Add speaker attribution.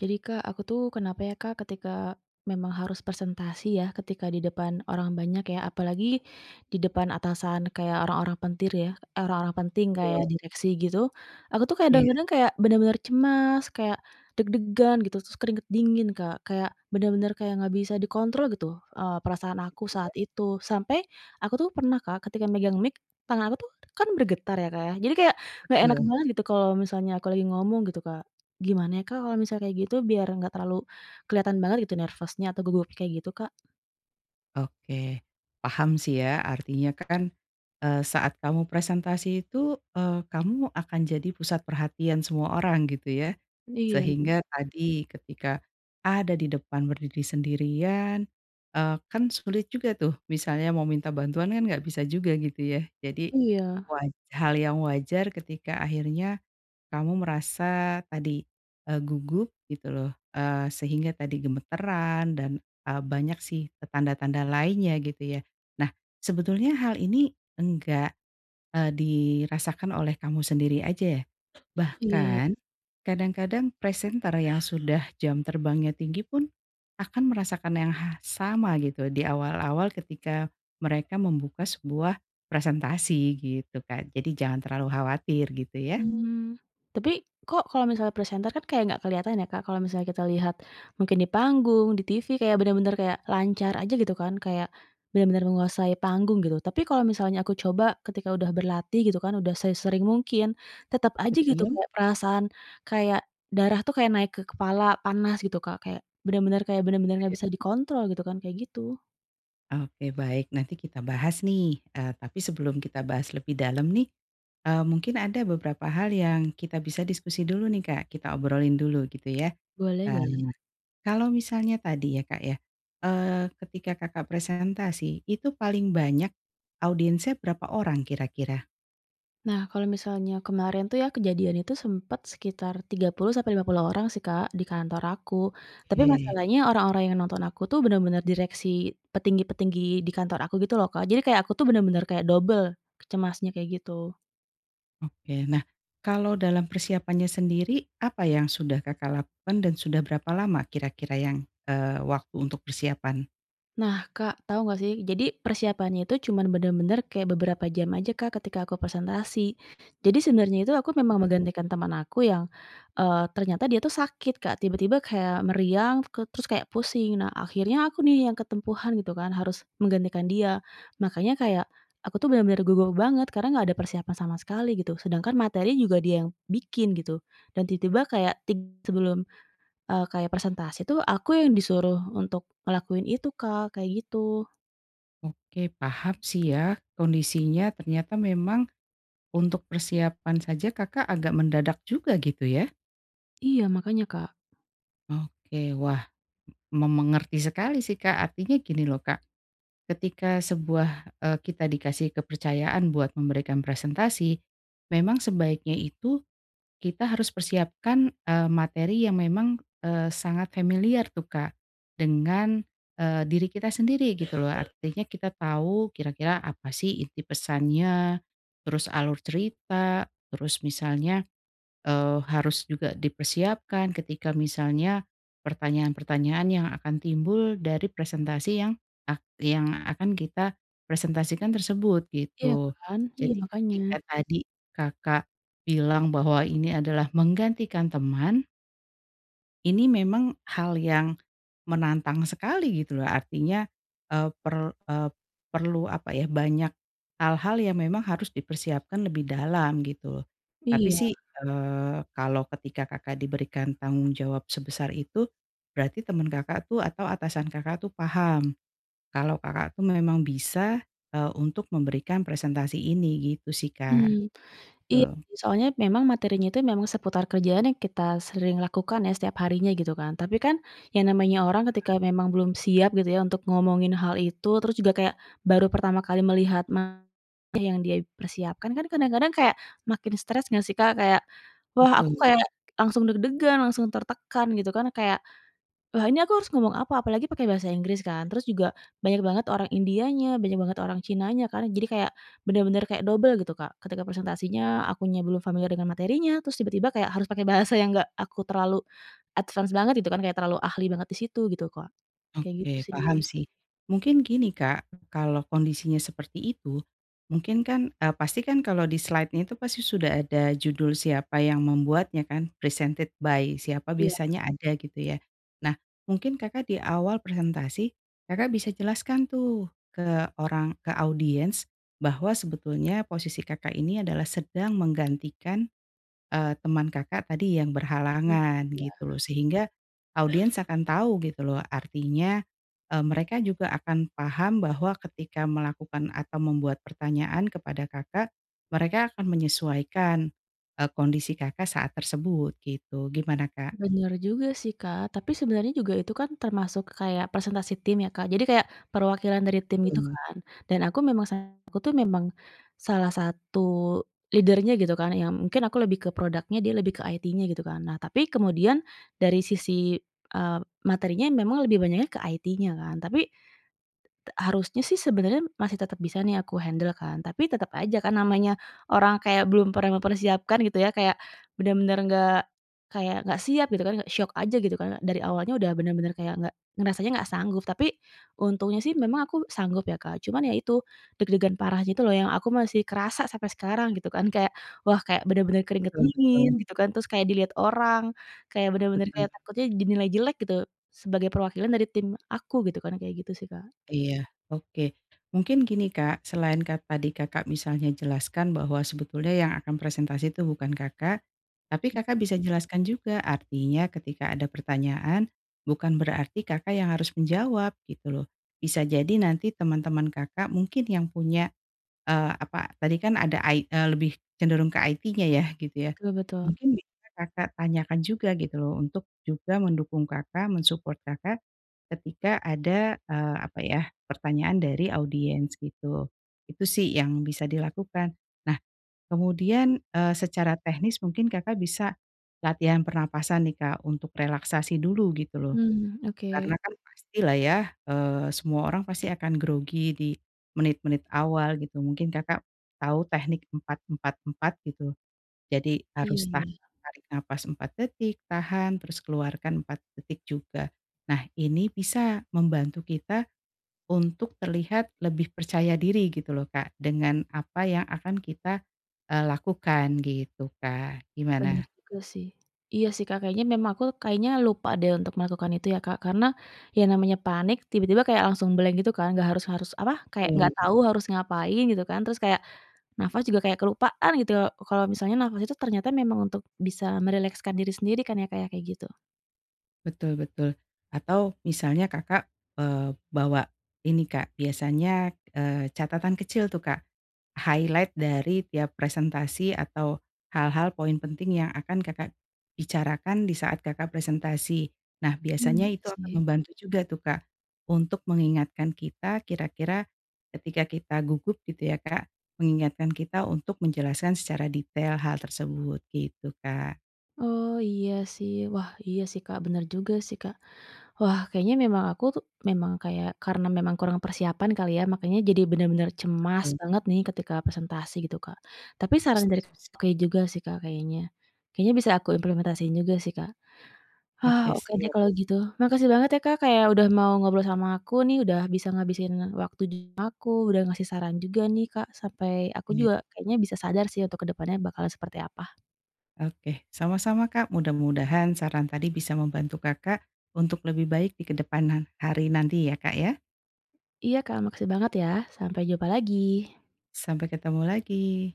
Speaker 1: Jadi Kak, aku tuh kenapa ya, Kak, ketika memang harus presentasi ya, ketika di depan orang banyak ya, apalagi di depan atasan kayak orang-orang pentir ya, eh, orang-orang penting
Speaker 2: Betul.
Speaker 1: kayak direksi gitu, aku tuh
Speaker 2: Iya.
Speaker 1: kadang-kadang kayak bener-bener cemas, kayak deg-degan gitu terus keringat dingin, Kak, kayak bener-bener kayak nggak bisa dikontrol gitu, eee, perasaan aku saat
Speaker 2: Iya.
Speaker 1: itu sampai aku tuh pernah, Kak, ketika megang mic tangan aku tuh kan bergetar ya, Kak, ya, jadi kayak nggak enak
Speaker 2: Betul.
Speaker 1: banget gitu kalau misalnya aku lagi ngomong gitu, Kak, gimana ya, Kak, kalau misal kayak gitu, biar enggak terlalu kelihatan banget gitu nervous-nya atau gugupnya kayak gitu, Kak?
Speaker 2: Oke paham sih ya, artinya kan, eee, saat kamu presentasi itu, eee, kamu akan jadi pusat perhatian semua orang gitu ya,
Speaker 1: Iya
Speaker 2: sehingga
Speaker 1: bener.
Speaker 2: tadi, ketika ada di depan berdiri sendirian, eee, kan sulit juga tuh misalnya mau minta bantuan kan nggak bisa juga gitu ya. Jadi
Speaker 1: Iya.
Speaker 2: waj hal yang wajar ketika akhirnya kamu merasa tadi, eee, gugup gitu loh, eee, sehingga tadi gemetaran dan, eee, banyak sih e tanda-tanda lainnya gitu ya, nah sebetulnya hal ini enggak, eee, dirasakan oleh kamu sendiri aja
Speaker 1: Iya, ya.
Speaker 2: bahkan kadang-kadang presenter yang sudah jam terbangnya tinggi pun akan merasakan yang ha sama gitu diawal-awal ketika mereka membuka sebuah presentasi, gitu, Kak. Jadi jangan terlalu khawatir gitu ya.
Speaker 1: Hmm, tapi kok kalau misalnya presenter kan kayak enggak kelihatan ya, Kak, kalau misalnya kita lihat mungkin di panggung, di TV, kayak bener-bener kayak lancar aja gitu kan, kayak bener-bener menguasai panggung gitu, tapi kalau misalnya aku coba ketika udah berlatih gitu kan, udah sesering mungkin tetap aja gitu
Speaker 2: Betul.
Speaker 1: kayak perasaan kayak darah tuh kayak naik ke kepala, panas gitu, Kak, kayak bener-bener kayak bener-bener nggak
Speaker 2: Iya.
Speaker 1: bisa dikontrol gitu kan, kayak gitu.
Speaker 2: Oke, baik nanti kita bahas nih, eee, tapi sebelum kita bahas lebih dalam nih, eee, mungkin ada beberapa hal yang kita bisa diskusi dulu nih, Kak, kita obrolin dulu gitu ya,
Speaker 1: Boleh
Speaker 2: eee,
Speaker 1: boleh.
Speaker 2: kalau misalnya tadi ya, Kak, ya, eee ketika Kakak presentasi itu paling banyak audiensnya berapa orang kira-kira?
Speaker 1: Nah, kalau misalnya kemarin tuh ya kejadian itu sempet sekitar 30 sampai 50 orang sih, Kak, di kantor aku, tapi
Speaker 2: Oke.
Speaker 1: masalahnya orang-orang yang nonton aku tuh bener-bener direksi petinggi-petinggi di kantor aku gitu loh, Kak, jadi kayak aku tuh bener-bener kayak dobel cemasnya, kayak gitu.
Speaker 2: Oke. Nah, kalau dalam persiapannya sendiri, apa yang sudah Kakak lakukan dan sudah berapa lama kira-kira yang, eee, waktu untuk persiapan?
Speaker 1: Nah, Kak, tahu enggak sih, jadi persiapannya itu cuman bener-bener kayak beberapa jam aja, Kak, ketika aku presentasi. Jadi sebenarnya itu, aku memang
Speaker 2: Mmm.
Speaker 1: menggantikan teman aku yang, eee, ternyata dia tuh sakit, Kak, tiba-tiba kayak meriang ke terus kayak pusing, nah akhirnya aku nih yang ketempuhan gitu kan harus menggantikan dia, makanya kayak, aku tuh bener-bener gugup banget, karena enggak ada persiapan sama sekali gitu sedangkan materi juga dia yang bikin gitu, dan tiba-tiba kayak tig sebelum, eee, kayak persentase tuh aku yang disuruh untuk ngelakuin itu, Kak, kayak gitu.
Speaker 2: Oke paham sih ya, kondisinya ternyata memang untuk persiapan saja, Kakak agak mendadak juga gitu ya.
Speaker 1: Iya, makanya, Kak.
Speaker 2: Oke, wah m me mengerti sekali sih, Kak, artinya gini loh, Kak, ketika sebuah, eee, kita dikasih kepercayaan buat memberikan presentasi, memang sebaiknya itu, kita harus persiapkan, eee, materi yang memang, eee, sangat familiar tuh, Kak dengan, eee, diri kita sendiri gitu loh, artinya kita tau kira-kira apa sih inti pesannya, terus alur cerita, terus misalnya, eee, harus juga dipersiapkan ketika misalnya pertanyaan-pertanyaan yang akan timbul dari presentasi yang ak yang akan kita presentasikan tersebut
Speaker 1: Iya
Speaker 2: gitu.
Speaker 1: kan, iya
Speaker 2: Jadi,
Speaker 1: makanya.
Speaker 2: ketika tadi Kakak bilang bahwa ini adalah menggantikan teman ini memang hal yang menantang sekali gitu loh, artinya, eee, per eee, perlu apa ya, banyak hal-hal yang memang harus dipersiapkan lebih dalam gitu, tapi
Speaker 1: Iya.
Speaker 2: sih, eee, kalau ketika Kakak diberikan tanggung jawab sebesar itu, berarti teman Kakak tuh atau atasan Kakak tuh paham, kalau Kakak tuh memang bisa, eee, untuk memberikan presentasi ini, gitu sih, Kak.
Speaker 1: Hmm, iya
Speaker 2: Betul.
Speaker 1: soalnya memang materinya itu memang seputar kerjaan yang kita sering lakukan ya setiap harinya gitu kan, tapi kan yang namanya orang ketika
Speaker 2: Paham.
Speaker 1: memang belum siap gitu ya untuk ngomongin hal itu, terus juga kayak baru pertama kali melihat materi yang dia persiapkan, kan kadang-kadang kayak makin stres nggak sih Kak, kayak wah aku
Speaker 2: Betul.
Speaker 1: kayak langsung deg-degan langsung tertekan gitu kan, kayak ,"Wah ini aku harus ngomong apa," apalagi pakai Bahasa Inggris kan terus juga banyak banget orang Indianya, banyak banget orang Cinanya kan jadi kayak bener-bener kayak dobel gitu, Kak, ketika presentasinya akunya belum familiar dengan materinya, terus tiba-tiba kayak harus pakai bahasa yang enggak aku terlalu advance banget gitu kan, kayak terlalu ahli banget di situ gitu, Kak, kayak gitu
Speaker 2: Oke
Speaker 1: sih.
Speaker 2: paham sih, mungkin gini, Kak, kalau kondisinya seperti itu, mungkin kan, eee, pastikan kalau di slidenya itu pasti sudah ada judul siapa yang membuatnya kan, presented by siapa
Speaker 1: Iya.
Speaker 2: biasanya ada gitu ya. Nah, mungkin Kakak di awal presentasi, Kakak bisa jelaskan tuh ke orang ke audiens bahwa sebetulnya posisi Kakak ini adalah sedang menggantikan, eee, teman Kakak tadi yang
Speaker 1: Hmm,
Speaker 2: berhalangan
Speaker 1: iya.
Speaker 2: gitu loh, sehingga audiens akan tahu gitu loh, artinya eee, mereka juga akan paham bahwa ketika melakukan atau membuat pertanyaan kepada Kakak mereka akan menyesuaikan, eee, kondisi Kakak saat tersebut gitu, gimana, Kak?
Speaker 1: Bener juga sih, Kak, tapi sebenarnya juga itu kan termasuk kayak presentasi tim ya, Kak, jadi kayak perwakilan dari tim gitu
Speaker 2: Betul.
Speaker 1: kan dan aku memang salah satu tuh, memang salah satu leader-nya gitu kan yang mungkin aku lebih ke produknya dia lebih ke IT-nya gitu kan. Nah tapi kemudian dari sisi, eee, materinya memang lebih banyaknya ke IT-nya kan, tapi t t harusnya sih sebenarnya masih tetap bisa nih aku handle kan tapi tetap aja kan namanya orang kayak belum pernah mempersiapkan gitu ya, kayak bener-bener nggak kayak nggak siap gitu kan shock aja gitu kan, dari awalnya udah bener-bener kayak nggak ngerasanya nggak sanggup, tapi untungnya sih memang aku sanggup ya, Kak, cuman ya itu deg-degan parah gitu loh, yang aku masih kerasa sampai sekarang gitu kan, kayak wah kayak bener-bener keringat
Speaker 2: Betul
Speaker 1: dingin
Speaker 2: betul.
Speaker 1: gitu kan, terus kayak dilihat orang, kayak bener-bener kayak
Speaker 2: [unintelligible]
Speaker 1: takutnya dinilai jelek gitu sebagai perwakilan dari tim aku gitu kan, kayak gitu sih, Kak.
Speaker 2: Iya oke mungkin gini, Kak, selain kan tadi Kakak misalnya jelaskan bahwa sebetulnya yang akan presentasi itu bukan Kakak, tapi Kakak bisa jelaskan juga, artinya ketika ada pertanyaan bukan berarti Kakak yang harus menjawab gitu loh, bisa jadi nanti teman-teman Kakak mungkin yang punya, eee, apa tadi kan ada ai eee, lebih cenderung ke IT-nya ya gitu ya,
Speaker 1: Betul betul.
Speaker 2: mungkin bisa Kakak tanyakan juga gitu loh, untuk juga mendukung Kakak, men-support Kakak ketika ada, eee, apa ya pertanyaan dari audiens gitu. Itu sih yang bisa dilakukan, nah kemudian, eee, secara teknis mungkin Kakak bisa latihan pernapasan nih, Kak, untuk relaksasi dulu gitu loh,
Speaker 1: Hmm,
Speaker 2: karena
Speaker 1: oke.
Speaker 2: kan pastilah ya, eee, semua orang pasti akan grogi di menit-menit awal gitu, mungkin Kakak tahu teknik 4- 4- 4 gitu, jadi harus tah
Speaker 1: Iya.
Speaker 2: tarik napas 4 detik, tahan, terus keluarkan 4 detik juga, nah ini bisa membantu kita untuk terlihat lebih percaya diri gitu loh, Kak, dengan apa yang akan kita, eee, lakukan gitu, Kak,
Speaker 1: Bener
Speaker 2: gimana?
Speaker 1: juga sih, iya sih, Kak, kayaknya memang aku kayaknya lupa deh untuk melakukan itu ya, Kak, karena ya namanya panik, tiba-tiba kayak langsung blank gitu kan, enggak harus harus apa, kayak enggak
Speaker 2: Betul.
Speaker 1: tahu harus ngapain gitu kan. Terus kayak nafas juga kayak kelupaan gitu, kalau misalnya nafas itu ternyata memang untuk bisa merilekskan diri sendiri kan ya, Kak, ya, kayak gitu.
Speaker 2: Betul betul atau misalnya Kakak, eee, bawa ini ,Kak, biasanya eee catatan kecil tuh, Kak, highlight dari tiap presentasi atau hal-hal, poin penting yang akan Kakak bicarakan disaat Kakak presentasi. Nah, biasanya
Speaker 1: Heeh,
Speaker 2: itu akan
Speaker 1: sih.
Speaker 2: membantu juga tuh, Kak, untuk mengingatkan kita, kira-kira ketika kita gugup gitu ya, Kak, mengingatkan kita untuk menjelaskan secara detail hal tersebut, gitu, Kak.
Speaker 1: Oh iya sih, wah iya sih, Kak, bener juga sih, Kak. Wah kayaknya memang aku tuh, memang kayak karena memang kurang persiapan kali ya, makanya jadi benar-benar cemas
Speaker 2: Betul.
Speaker 1: banget nih ketika presentasi gitu, Kak, tapi saran
Speaker 2: Setuju
Speaker 1: dari [unintelligible]
Speaker 2: sih.
Speaker 1: oke juga sih, Kak, kayaknya, kayaknya bisa aku implementasiin juga sih, Kak. Hah,
Speaker 2: Oke
Speaker 1: oke deh
Speaker 2: siap.
Speaker 1: kalau gitu, makasih banget ya, Kak, kayak udah mau ngobrol sama aku nih, udah bisa ngabisin waktu [unintelligible] aku, udah ngasih saran juga nih, Kak, sampai aku
Speaker 2: [unintelligible]
Speaker 1: juga kayaknya bisa sadar sih untuk kedepannya bakal seperti apa.
Speaker 2: Oke, sama-sama, Kak, mudah-mudahan saran tadi bisa membantu Kakak, untuk lebih baik di kedepan han hari nanti ya, Kak, ya.
Speaker 1: Iya, Kak, makasih banget ya. Sampai jumpa lagi.
Speaker 2: Sampai ketemu lagi.